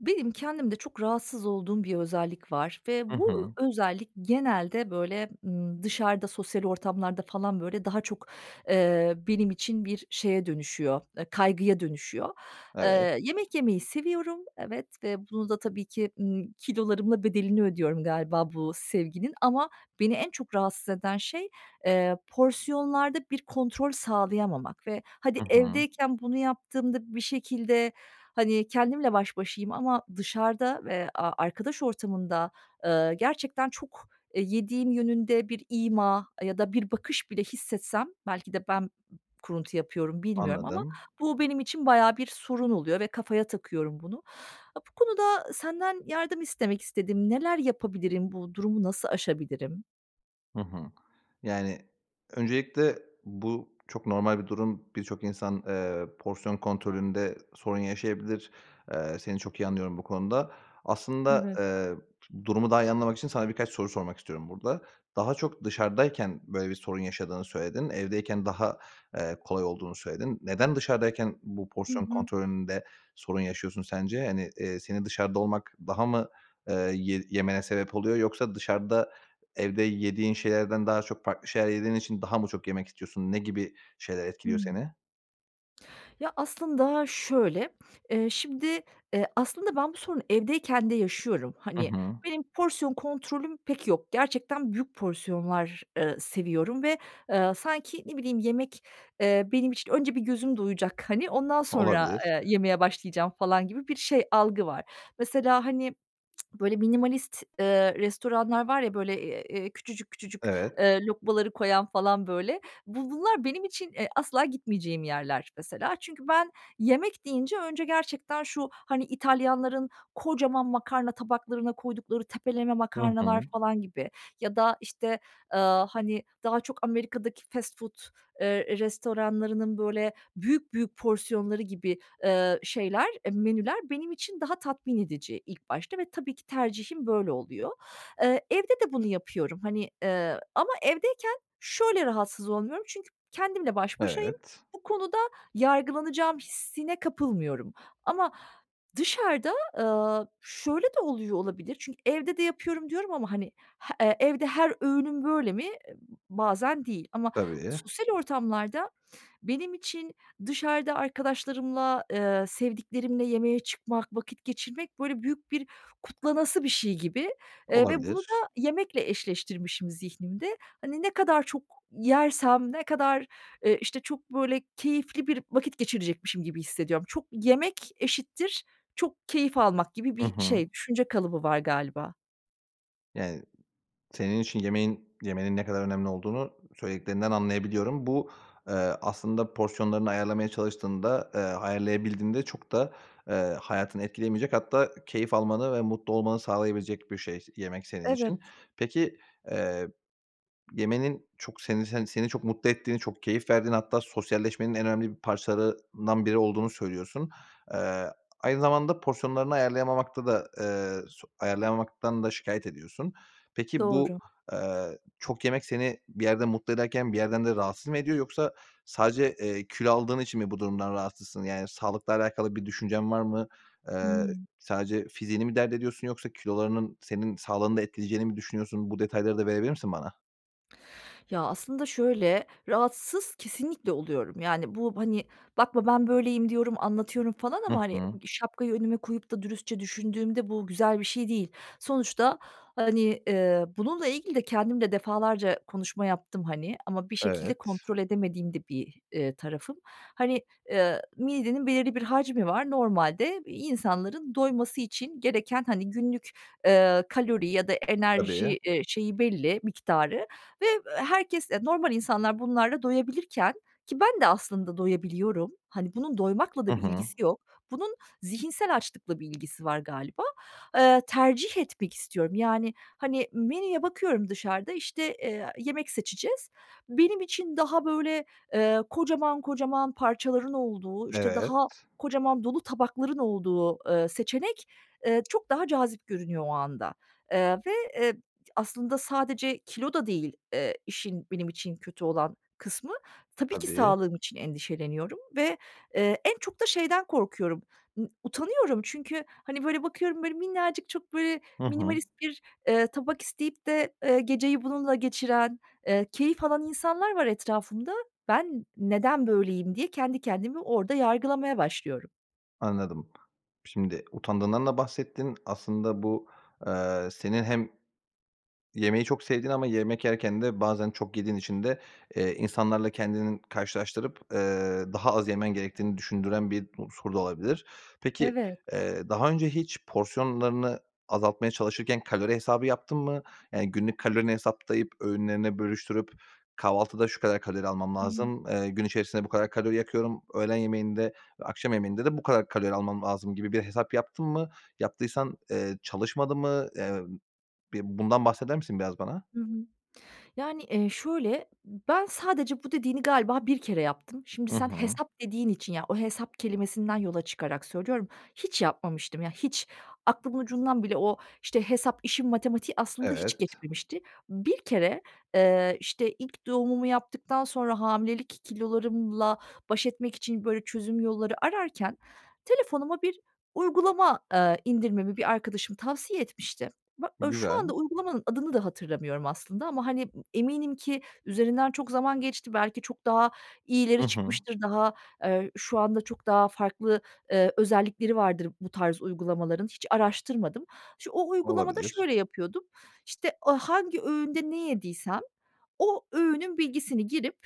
Benim kendimde çok rahatsız olduğum bir özellik var ve Hı bu hı. ö özellik genelde, böyle, ımm, dışarıda, sosyal ortamlarda falan, böyle, daha çok, eee, benim için bir şeye dönüşüyor, ııı, kaygıya dönüşüyor. Evet. Eee, yemek yemeyi seviyorum, evet. Ve bunu da tabii ki, ımm, kilolarımla bedelini ödüyorum galiba bu sevginin. Ama beni en çok rahatsız eden şey, eee, porsiyonlarda bir kontrol sağlayamamak ve hadi Hı hı. evdeyken bunu yaptığımda, bir şekilde, hani, kendimle baş başayım ama dışarıda ve a arkadaş ortamında, ııı, gerçekten çok, eee, yediğim yönünde bir ima ya da bir bakış bile hissetsem, belki de ben b kuruntu yapıyorum, bilmiyorum ama Anladım. bu benim için bayağı bir sorun oluyor ve kafaya takıyorum bunu. Aaa, bu konuda senden yardım istemek istedim. Neler yapabilirim? Bu durumu nasıl aşabilirim? Hı hı. Yani, öncelikle bu çok normal bir durum. Birçok insan, eee, porsiyon kontrolünde sorun yaşayabilir. Eee, seni çok iyi anlıyorum bu konuda. Aslında, Evet. eee, d durumu daha iyi anlamak için sana birkaç soru sormak istiyorum burada. Daha çok dışarıdayken böyle bir sorun yaşadığını söyledin. Evdeyken daha, eee, kolay olduğunu söyledin. Neden dışarıdayken bu Hı porsiyon hı. kontrolünde sorun yaşıyorsun sence? Hani, eee, seni dışarıda olmak daha mı, eee, ye yemene sebep oluyor, yoksa dışarıda evde yediğin şeylerden daha çok farklı şeyler yediğin için daha mı çok yemek istiyorsun? Ne gibi şeyler etkiliyor Hıı. seni? Ya, aslında şöyle, eee, şimdi, eee, aslında ben bu sorunu evdeyken de yaşıyorum. I Hani, hı. benim porsiyon kontrolüm pek yok. Gerçekten büyük porsiyonlar, ııı, seviyorum ve, ııı, sanki ne bileyim, yemek, eee, benim için önce bir gözüm doyacak, hani, ondan sonra, Olabilir. eee, yemeye başlayacağım falan gibi bir şey, algı var. Mesela, hani böyle, minimalist, ııı, restoranlar var ya, böyle, eee, küçücük küçücük, Evet. eee, lokmaları koyan falan, böyle. Bu bunlar benim için, eee, asla gitmeyeceğim yerler mesela. Çünkü ben yemek deyince önce gerçekten şu, hani İtalyanların kocaman makarna tabaklarına koydukları tepeleme Hı makarnalar hı. falan gibi ya da, işte, ııı, hani, daha çok Amerika'daki fast food, eee, restoranlarının, böyle, büyük büyük porsiyonları gibi, ııı, şeyler, menüler benim için daha tatmin edici ilk başta ve tabii ki tercihim böyle oluyor. Iıı, evde de bunu yapıyorum, hani. Eee, ama evdeyken şöyle rahatsız olmuyorum, çünkü kendimle baş başayım; Evet. bu konuda yargılanacağım hissine kapılmıyorum. Ama dışarıda, ııı, şöyle de oluyor olabilir, çünkü evde de yapıyorum diyorum ama hani h evde her öğünüm böyle mi? Bazen değil. Ama Tabii. sosyal ortamlarda benim için dışarıda arkadaşlarımla, ııı, sevdiklerimle yemeğe çıkmak, vakit geçirmek, böyle, büyük bir kutlanası bir şey gibi. Eee, ve bunu Olabilir. da yemekle eşleştirmişim zihnimde. Hani ne kadar çok yersem, ne kadar, ııı, işte, çok, böyle, keyifli bir vakit geçirecekmişim gibi hissediyorum. Çok yemek eşittir çok keyif almak gibi Hı bir hı. şey, düşünce kalıbı var galiba. Yani, senin için yemeğin yemenin ne kadar önemli olduğunu söylediklerinden anlayabiliyorum. Bu, eee, aslında porsiyonlarını ayarlamaya çalıştığında, eee, ayarlayabildiğinde çok da, eee, hayatını etkileyemeyecek, hatta keyif almanı ve mutlu olmanı sağlayabilecek bir şey, yemek senin Evet. için. Peki, eee, yemenin çok senin sen seni çok mutlu ettiğini, çok keyif verdiğini, hatta sosyalleşmenin en önemli bir parçalarından biri olduğunu söylüyorsun. Eee, aynı zamanda porsiyonlarını ayarlayamamakta da, eee, su ayarlayamamaktan da şikâyet ediyorsun. Peki, bu, Doğru. eee, çok yemek seni bir yerde mutlu ederken bir yerden de rahatsız mı ediyor, yoksa sadece, eee, kilo aldığın için mi bu durumdan rahatsızsın? Yani, sağlıkla alakalı bir düşüncen var mı? Eee, Hıı. sadece fiziğini mi dert ediyorsun yoksa kilolarının senin sağlığını da etkileyeceğini mi düşünüyorsun? Bu detayları da verebilir misin bana? Ya, aslında şöyle; rahatsız kesinlikle oluyorum. Yani, bu, hani, bakma, "Ben böyleyim." diyorum, anlatıyorum falan Hı ama, hani, hı. ııı, şapkayı önüme koyup da dürüstçe düşündüğümde bu güzel bir şey değil. Sonuçta, hani, eee, bununla ilgili de kendim de defalarca konuşma yaptım, hani. Ama bir şekilde Evet. kontrol edemediğim de bir, eee, tarafım. Hani, eee, midenin belirli bir hacmi var. Normalde insanların doyması için gereken, hani, günlük, eee, kalori ya da Tabii. enerji, eee, şeyi belli, miktarı ve, eee, herkes, normal insanlar bunlarla doyabilirken, ki ben de aslında doyabiliyorum. Hani, bunun doymakla I da bir hı. ilgisi yok. Bunun zihinsel açlıkla bir ilgisi var galiba. Eee, tercih etmek istiyorum. Yani, hani, menüye bakıyorum dışarıda, işte, eee, yemek seçeceğiz. Benim için daha böyle, eee, kocaman kocaman parçaların olduğu, işte, Evet. daha kocaman, dolu tabakların olduğu, eee, seçenek, eee, çok daha cazip görünüyor o anda. Eee, ve, eee, aslında sadece kilo da değil, eee, işin benim için kötü olan kısmı. Tabii ki Tabii. sağlığım için endişeleniyorum ve, eee, en çok da şeyden korkuyorum, utanıyorum. Çünkü, hani, böyle, bakıyorum, böyle, minnacık çok böyle Hı hı. minimalist bir, eee, tabak isteyip de, eee, geceyi bununla geçiren, eee, keyif alan insanlar var etrafımda. "Ben neden böyleyim?" diye kendi kendimi orada yargılamaya başlıyorum. Anladım. Şimdi utandığından da bahsettin. Aslında bu, aaa, senin hem yemeği çok sevdiğin ama yemek yerken de bazen çok yediğin için de, eee, insanlarla kendini karşılaştırıp, ııı, daha az yemen gerektiğini düşündüren bir unsur da olabilir. Peki, Evet. eee, daha önce hiç porsiyonlarını azaltmaya çalışırken kalori hesabı yaptın mı? Yani, günlük kalorini hesaplayıp öğünlerine bölüştürüp, "Kahvaltıda şu kadar kalori almam lazım, eee, gün içerisinde bu kadar kalori yakıyorum, öğlen yemeğinde ve akşam yemeğinde de bu kadar kalori almam lazım." gibi bir hesap yaptın mı? Yaptıysan, eee, çalışmadı mı? Emm, bir bundan bahseder misin biraz bana? Hı hı. Yani, eee, şöyle ben sadece bu dediğini galiba bir kere yaptım. Şimdi Hı sen hı. hesap dediğin için ya, o hesap kelimesinden yola çıkarak söylüyorum, hiç yapmamıştım. Ya, hiç aklımın ucundan bile o, işte, hesap işin matematiği aslında hiç Evet. geçmemişti. Bir kere, eee, işte, ilk doğumumu yaptıktan sonra hamilelik kilolarımla baş etmek için böyle çözüm yolları ararken telefonuma bir uygulama, aaa, indirmemi bir arkadaşım tavsiye etmişti. Ba ııı, şu Güzel. anda uygulamanın adını da hatırlamıyorum aslında ama, hani, eminim ki üzerinden çok zaman geçti. Belki çok daha iyileri Hı hı. çıkmıştır. Daha, eee, şu anda çok daha farklı, ııı, özellikleri vardır bu tarz uygulamaların. Hiç araştırmadım. Ş o uygulamada Olabilir. şöyle yapıyordum. İşte, a hangi öğünde ne yediysem o öğünün bilgisini girip,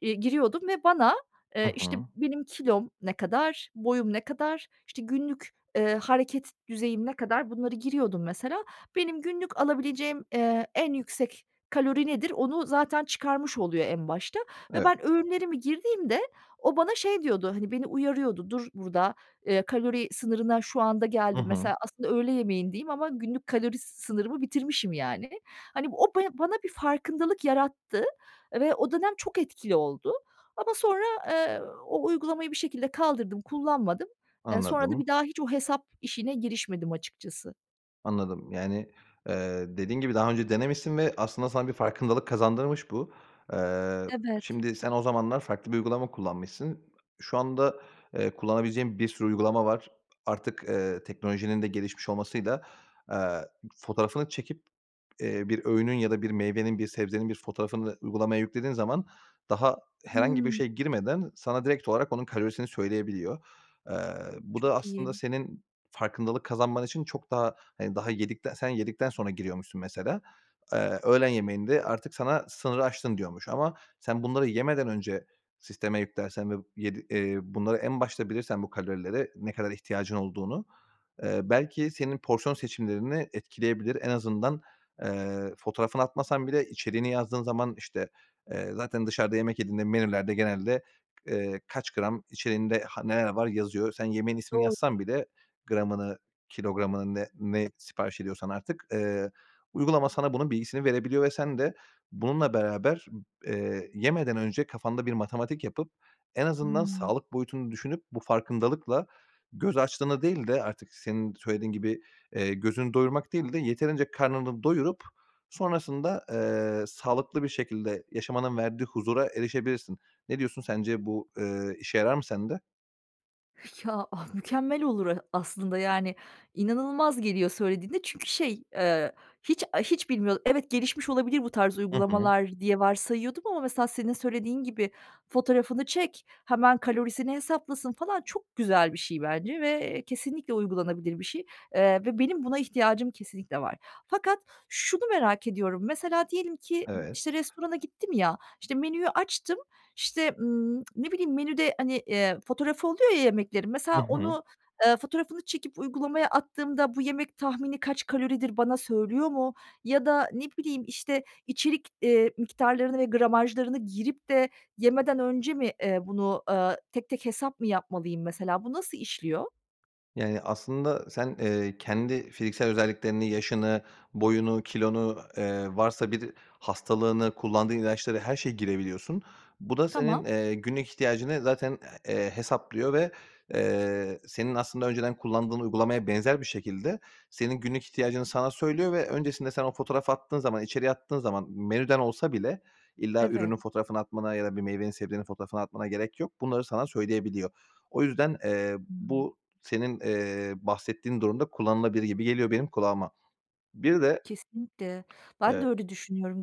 iii, giriyordum ve bana, Hı eee, işte, hı. benim kilom ne kadar, boyum ne kadar, işte, günlük, eee, hareket düzeyim ne kadar, bunları giriyordum mesela. Benim günlük alabileceğim, ııı, en yüksek kalori nedir onu zaten çıkarmış oluyor en başta ve Evet. ben öğünlerimi girdiğimde o bana şey diyordu, hani, beni uyarıyordu. "Dur burada, ııı, kalori sınırına şu anda Hı geldin." hı. Mesela aslında öğle yemeğindeyim ama günlük kalori sınırımı bitirmişim, yani. Hani, bu o be bana bir farkındalık yarattı. Ve o dönem çok etkili oldu. Ama sonra, aaa, o uygulamayı bir şekilde kaldırdım, kullanmadım. Iıı, sonra da Anladım. bir daha hiç o hesap işine girişmedim açıkçası. Anladım. Yani, eee, dediğin gibi daha önce denemişsin ve aslında sana bir farkındalık kazandırmış bu. Eee, Evet. şimdi sen o zamanlar farklı bir uygulama kullanmışsın. Şu anda, eee, kullanabileceğin bir sürü uygulama var. Artık, eee, teknolojinin de gelişmiş olmasıyla, eee, fotoğrafını çekip eee, bir öğünün ya da bir meyvenin, bir sebzenin bir fotoğrafını uygulamaya yüklediğin zaman, daha herhangi bir Hıı. şey girmeden sana direkt olarak onun kalorisini söyleyebiliyor. Eee, bu da Çok aslında iyi. senin farkındalık kazanman için çok daha, hani, daha yedikte sen yedikten sonra giriyormuşsun, mesela. Eee, öğlen yemeğinde artık sana sınırı aştın diyormuş ama sen bunları yemeden önce sisteme yüklersen ve yedi eee, bunları en başta bilirsen, bu kalorilere ne kadar ihtiyacın olduğunu, eee, belki senin porsiyon seçimlerini etkileyebilir. En azından, eee, fotoğrafını atmasan bile içeriğini yazdığın zaman, işte, eee, zaten dışarıda yemek yediğinde menülerde genelde, eee, kaç gram içeriğinde, han neler var yazıyor. Sen yemeğin ismini Doğru. yazsan bile, gramını, kilogramını, ne ne sipariş ediyorsan artık, eee, uygulama sana bunun bilgisini verebiliyor ve sen de bununla beraber, eee, yemeden önce kafanda bir matematik yapıp, en azından Hıı. sağlık boyutunu düşünüp bu farkındalıkla göz açlığını değil de, artık senin söylediğin gibi, eee, gözünü doyurmak değil de yeterince karnını doyurup sonrasında, eee, sağlıklı bir şekilde yaşamanın verdiği huzura erişebilirsin. Ne diyorsun, sence bu, ııı, işe yarar mı sende? Ya, mükemmel olur, e, aslında yani inanılmaz geliyor söylediğinde çünkü şey, eee, hiç, a hiç bilmiyordum. Evet, gelişmiş olabilir bu tarz Hı hı. uygulamalar diye varsayıyordum. Ama mesela senin söylediğin gibi fotoğrafını çek, hemen kalorisini hesaplasın falan çok güzel bir şey bence ve, eee, kesinlikle uygulanabilir bir şey, eee, ve benim buna ihtiyacım kesinlikle var. Fakat şunu merak ediyorum, mesela diyelim ki, ımm, Evet. işte, restorana gittim ya, işte, menüyü açtım, işte, ımm, ne bileyim, menüde, hani, eee, fotoğrafı oluyor ya yemeklerin, Hı mesela hı. onu, eee, fotoğrafını çekip, uygulamaya attığımda bu yemek tahmini kaç kaloridir, bana söylüyor mu? Ya da, ne bileyim, işte, içerik, eee, miktarlarını ve gramajlarını girip de yemeden önce mi, eee, bunu, eee, tek tek hesap mı yapmalıyım, mesela? Bu nasıl işliyor? Yani, aslında sen, eee, kendi fiziksel özelliklerini, yaşını, boyunu, kilonu, eee, varsa bir hastalığını, kullandığın ilaçları, her şeyi girebiliyorsun. Bu da senin Tamam. günlük ihtiyacını zaten, eee, hesaplıyor ve, eee, senin aslında önceden kullandığın uygulamaya benzer bir şekilde senin günlük ihtiyacını sana söylüyor. Ve öncesinde sen o fotoğrafı attığın zaman, içeriği attığın zaman, menüden olsa bile, illa Evet. ürünün fotoğrafını atmana ya da bir meyvenin, sebzenin fotoğrafını atmana gerek yok. Bunları sana söyleyebiliyor. O yüzden, eee, Hıı. bu, senin, eee, bahsettiğin durumda kullanılabilir gibi geliyor benim kulağıma. Bir de Kesinlikle. Ben de e öyle düşünüyorum.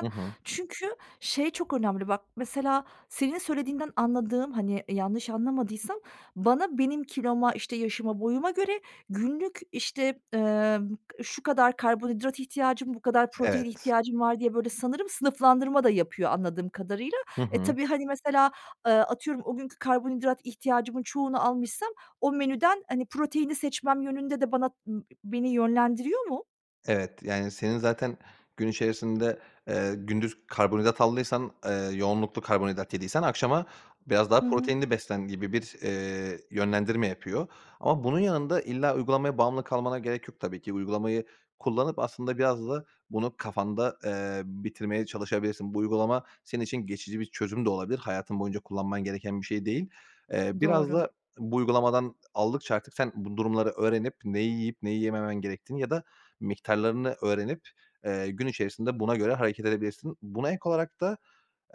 Hı hı. çünkü şey çok önemli bak, mesela, senin söylediğinden anladığım, hani, yanlış anlamadıysam; bana, benim kiloma, işte, yaşıma, boyuma göre günlük, işte, eee, şu kadar karbonhidrat ihtiyacım, bu kadar protein Evet. ihtiyacım var diye böyle sanırım sınıflandırma da yapıyor, anladığım kadarıyla. Hı E, hı. tabii, hani, mesela, eee, atıyorum, o günkü karbonhidrat ihtiyacımın çoğunu almışsam, o menüden, hani, proteini seçmem yönünde de bana, ımm, ı beni yönlendiriyor mu? Evet, yani, senin zaten gün içerisinde, eee, gündüz karbonhidrat aldıysan, eee, yoğunluklu karbonhidrat yediysen akşama biraz daha Hı hı. proteinli beslen gibi bir, eee, yönlendirme yapıyor. Ama bunun yanında illa uygulamaya bağımlı kalmana gerek yok tabii ki. Uygulamayı kullanıp aslında biraz da bunu kafanda, eee, bitirmeye çalışabilirsin. Bu uygulama senin için geçici bir çözüm de olabilir. Hayatın boyunca kullanman gereken bir şey değil. Eee, biraz Doğru. da bu uygulamadan aldıkça artık sen bu durumları öğrenip neyi yiyip neyi yememen gerektiğini ya da miktarlarını öğrenip, eee, gün içerisinde buna göre hareket edebilirsin. Buna ek olarak da,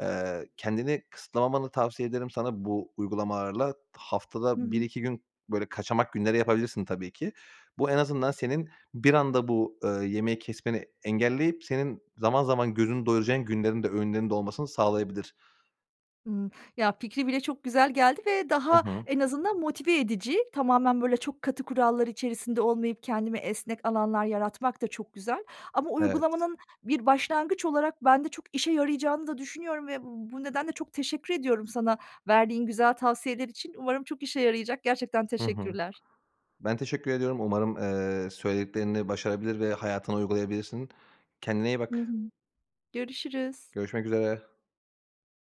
eee, kendini kısıtlamamanı tavsiye ederim sana bu uygulamalarla. Hı Haftada bir hı. iki gün böyle kaçamak günleri yapabilirsin tabii ki. Bu en azından senin bir anda bu, ııı, yemeği kesmeni engelleyip senin zaman zaman gözünü doyuracağın günlerin de öğünlerinde olmasını sağlayabilir. Hımm. Ya, fikri bile çok güzel geldi ve Hı daha hı. en azından motive edici. Tamamen böyle çok katı kurallar içerisinde olmayıp kendime esnek alanlar yaratmak da çok güzel ama Evet. uygulamanın bir başlangıç olarak bende çok işe yarayacağını da düşünüyorum ve bu nedenle çok teşekkür ediyorum sana verdiğin güzel tavsiyeler için. Umarım çok işe yarayacak. Gerçekten Hı hı. teşekkürler. Ben teşekkür ediyorum. Umarım, eee, söylediklerini başarabilir ve hayatına uygulayabilirsin. Kendine iyi Hı bak. hı, görüşürüz. Görüşmek üzere.